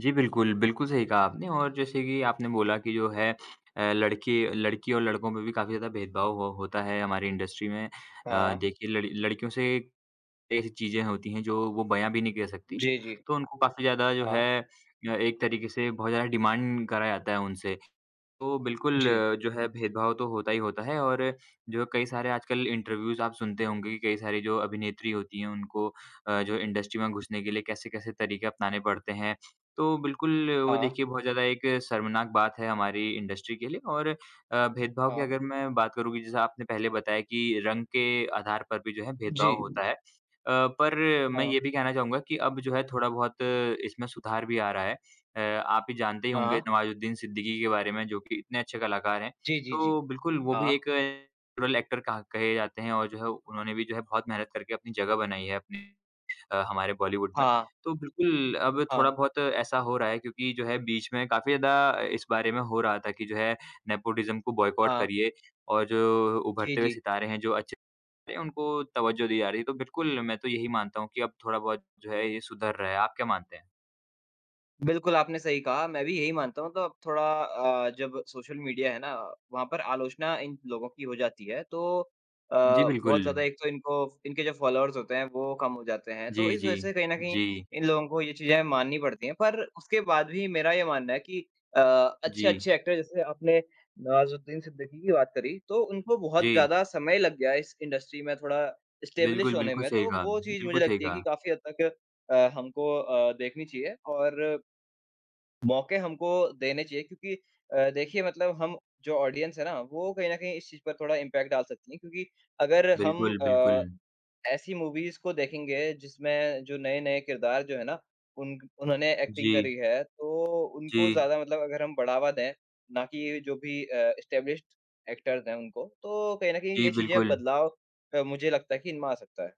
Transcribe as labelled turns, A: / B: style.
A: जी, बिल्कुल, बिल्कुल सही कहा आपने और जैसे कि आपने बोला कि जो है अ, लड़की लड़की और लड़कों में भी काफ़ी ज़्यादा भेदभाव हो होता है हमारी इंडस्ट्री में। अ
B: हाँ।
A: देखिए, लड़ लड़कियों से ऐसी चीज़ें होती हैं जो वो बयाँ भी नहीं कर सकती।
B: जी, जी।
A: तो उनको काफ़ी ज़्यादा जो
B: हाँ।
A: है अ, एक तरीके से बहुत ज़्यादा डिमांड करा जाता है उनसे, तो बिल्कुल
B: जी।
A: जो है भेदभाव तो होता ही होता है। और जो कई सारे आजकल इंटरव्यूज़ आप सुनते होंगे कि कई सारी जो अभिनेत्री होती हैं, उनको अ, जो इंडस्ट्री में घुसने के लिए कैसे-कैसे तरीके अपनाने पड़ते हैं। तो बिल्कुल, वो
B: हाँ।
A: देखिए बहुत ज़्यादा एक शर्मनाक बात है हमारी इंडस्ट्री के लिए और अ, भेदभाव की
B: हाँ।
A: अगर मैं बात करूँ कि जैसा आपने पहले बताया कि रंग के आधार पर भी जो है भेदभाव
B: जी।
A: होता है। अ, पर मैं
B: हाँ।
A: ये भी कहना चाहूँगा कि अब जो है थोड़ा-बहुत इसमें सुधार भी आ रहा है। अ, आप ये जानते ही होंगे
B: हाँ।
A: नवाज़ुद्दीन सिद्दीकी के बारे में जो कि इतने अच्छे कलाकार हैं।
B: जी, जी, जी।
A: तो बिल्कुल, वो भी
B: हाँ।
A: एक नैचुरल ऐक्टर कहा कहे जाते हैं, और जो है उन्होंने भी जो है बहुत मेहनत करके अपनी जगह बनाई है अपनी अ, हमारे बॉलीवुड में।
B: हाँ।
A: तो बिल्कुल, अब
B: हाँ।
A: थोड़ा-बहुत ऐसा हो रहा है क्योंकि जो है बीच में काफ़ी ज़्यादा अ, इस बारे में हो रहा था कि जो है नेपोटिज़म को बॉयकोट
B: हाँ।
A: करिए और जो
B: जी,
A: उभरते हुए
B: जी।
A: सितारे हैं, जो अच्छे हैं, उनको तवज्जोह दी जा रही है। तो बिल्कुल, मैं तो यही मानता हूँ कि अब थोड़ा-बहुत जो है, ये सुधर रहा है। आप क्या मानते हैं?
B: बिल्कुल, आपने सही कहा, मैं भी यही मानता हूँ। तो अब थोड़ा अ, जब सोशल मीडिया है ना, वहाँ पर आलोचना इन लोगों की हो जाती है। तो अ,
A: जी,
B: बहुत ज़्यादा
A: बिल्कुल।
B: एक तो इनको इनके जो फॉलोवर्स होते हैं, वो कम हो जाते हैं, तो
A: जी,
B: इस वजह
A: जी।
B: से कहीं न कहीं
A: जी।
B: इन लोगों को ये चीज़ें माननी पड़ती हैं। पर उसके बाद भी मेरा ये मानना है कि अ,
A: जी।
B: अच्छे-अच्छे ऐक्टर, जैसे आपने नवाज़ुद्दीन सिद्दीकी की बात करी, तो उनको बहुत
A: जी।
B: ज़्यादा समय लग गया इस इंडस्ट्री में थोड़ा इस्टैब्लिश
A: बिल्कुल,
B: होने
A: बिल्कुल
B: में।
A: सही
B: तो
A: कहा
B: वो
A: आपने।
B: चीज़ मुझे
A: बिल्कुल सही
B: लगती है कि
A: कहा।
B: काफ़ी हद तक अ, हमको अ, देखनी चाहिए, और मौके हमको देने चाहिए क्योंकि अ, देखिए मतलब हम जो ऑडियंस हैं ना, वो कहीं न कहीं इस चीज़ पर थोड़ा इम्पैक्ट डाल सकती हैं। क्योंकि अगर हम
A: बिल्कुल,
B: अ,
A: बिल्कुल।
B: ऐसी मूवीज़ को देखेंगे जिसमें जो नए-नए किरदार जो हैं ना, उन उन्होंने ऐक्टिंग
A: जी।
B: करी हैं, तो उनको
A: जी।
B: ज़्यादा मतलब अगर हम बढ़ावा दें, ना कि जो भी अ, इस्टैब्लिश्ड ऐक्टर्स हैं उनको, तो कहीं न कहीं
A: जी,
B: ये चीज़ें
A: बिल्कुल।
B: बदलाव अ, मुझे लगता है कि इनमें आ सकता है।